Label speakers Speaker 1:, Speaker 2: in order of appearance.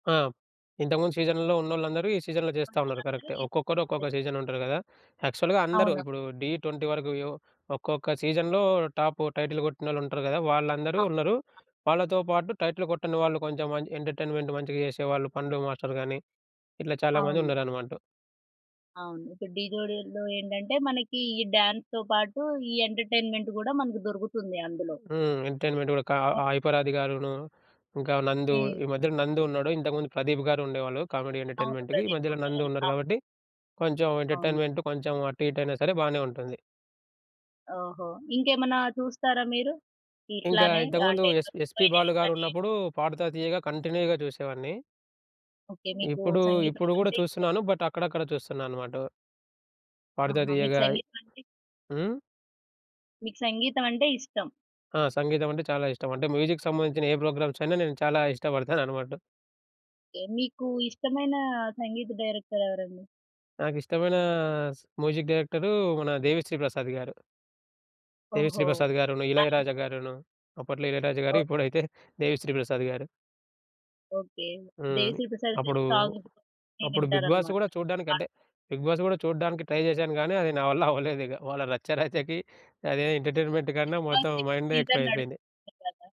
Speaker 1: ఆ! ఇంతకుముందు సీజన్‌లో ఉన్నోళ్ళందరూ ఈ సీజన్‌లో జేస్తా ఉన్నారు.
Speaker 2: ఉన్నోళ్ళందరూ
Speaker 1: కరెక్టే. ఒక్కొక్కరు
Speaker 2: నేర్చుకున్నట్టే.
Speaker 1: ఒక్కొక్క సీజన్‌లో ఉంటారు గదా! యాక్చువల్‌గా అందరూ
Speaker 2: అవును.
Speaker 1: ఇప్పుడు 'ఢీ 20' వరకు యెవ్ ఒక్కొక్క సీజన్‌లో టాప్ టైటిల్ గొట్టినోళ్ళు ఉంటారు గదా!
Speaker 2: ఆ!
Speaker 1: వాళ్ళందరూ ఉన్నరు. వాళ్ళతో పాటు టైటిల్ గొట్టని వాళ్ళు కొంచెం మంచి ఎంటర్టైన్మెంట్ మంచిగా జేసేవాళ్ళు పండు మాస్టర్ గానీ ఇట్లా చాలా మంది
Speaker 2: అవును.
Speaker 1: ఉన్నారనమాట.
Speaker 2: అవును. ఇప్పుడు ఢీ జోడిలో ఏంటంటే, మనకి ఈ డాన్స్‌తో పాటు ఈ ఎంటర్‌టైన్మెంట్ గూడా మనకు దొరుకుతుంది అందులో.
Speaker 1: హ్మ్. ఎంటర్‌టైన్మెంట్ గూడా కా
Speaker 2: అ!
Speaker 1: హైపరాది గారును, ఇంకా నందు,
Speaker 2: హ్మ్.
Speaker 1: ఈ మధ్యలో నందు ఉన్నాడు ఇంతకుముందు ప్రదీప్ గారు ఉండేవాళ్ళు కామెడీ
Speaker 2: అవును.
Speaker 1: ఎంటర్‌టైన్మెంట్‌‌కి. ఈ
Speaker 2: ప్రదీప్
Speaker 1: మధ్యల నందు
Speaker 2: ఉండేవారు.
Speaker 1: ఉన్నారు
Speaker 2: అవును.
Speaker 1: గాబట్టి కొంచెం
Speaker 2: అవును.
Speaker 1: ఎంటర్‌టైన్మెంట్ కొంచెం అటు ఇటయినా సరే బానే ఉంటుంది.
Speaker 2: ఓహో! ఇంకేమన్నా చూస్తారా మీరు?
Speaker 1: ఇంకా
Speaker 2: ఇట్లానే.
Speaker 1: ఇంతకు ముందు
Speaker 2: అంటే
Speaker 1: ఎస్ ఎస్‌పీ
Speaker 2: ఫైనల్
Speaker 1: బాలు
Speaker 2: గానీ?
Speaker 1: గారున్నప్పుడు 'పాడుతా తీయగా' కంటిన్యూగా జూసేవాడిని.
Speaker 2: ఓకే. మీకు
Speaker 1: ఇప్పుడు
Speaker 2: సంగీతం
Speaker 1: ఇప్పుడు గూడా
Speaker 2: అంటే ఇష్టం.
Speaker 1: చూస్తున్నాను బట్ అక్కడక్కడ చూస్తున్నా అనమాట. ఉ పాడుతా
Speaker 2: ఆహా! మీకు
Speaker 1: తీయగా.
Speaker 2: సంగీతం అంటే
Speaker 1: హ్మ్.
Speaker 2: మీకు సంగీతం అంటే ఇష్టం.
Speaker 1: ఆ! సంగీతం అంటే చాలా ఇష్టం. అంటే మ్యూజిక్ సంబంధించిన ఏ ప్రోగ్రామ్స్ అయినా నేను చాలా ఇష్టపడతాననమాట.
Speaker 2: ఓకే. మీకు ఇష్టమైన సంగీత డైరెక్టర్ ఎవరండి?
Speaker 1: నాకిష్టమైన స్ మ్యూజిక్ డైరెక్టరు మన 'దేవి శ్రీ' ప్రసాద్ గారు. దేవి శ్రీ
Speaker 2: ఓహో!
Speaker 1: ప్రసాద్ గారును,
Speaker 2: ఆహా!
Speaker 1: ఇళయరాజా గారును. అప్పట్లో ఇళయరాజా గారు
Speaker 2: ఓహో!
Speaker 1: ఇప్పుడైతే 'దేవి శ్రీ ప్రసాద్' గారు.
Speaker 2: ఓకే. 'దేవి
Speaker 1: హ్మ్.
Speaker 2: శ్రీ ప్రసాద్' గారి
Speaker 1: అప్పుడూ
Speaker 2: సాంగ్సన్నీ
Speaker 1: అప్పుడు బిగ్ బాస్
Speaker 2: వింటారన్నమాట
Speaker 1: గూడా చూడ్డానికి
Speaker 2: బాగా.
Speaker 1: అంటే 'బిగ్ బాస్' గూడా చూడ్డానికి ట్రై జేశాను గానీ అది నా వల్ల అవ్వలేదు ఇగ. వాళ్ళ రచ్చరచకి అదే ఎంటర్‌టైన్మెంట్
Speaker 2: 'బిగ్‌
Speaker 1: కన్నా మొత్తం
Speaker 2: బాస్' ఇప్పుడు
Speaker 1: మైండే
Speaker 2: సీజన్
Speaker 1: ఎక్కువైయిపోయింది.
Speaker 2: నడుస్తుంది గదా!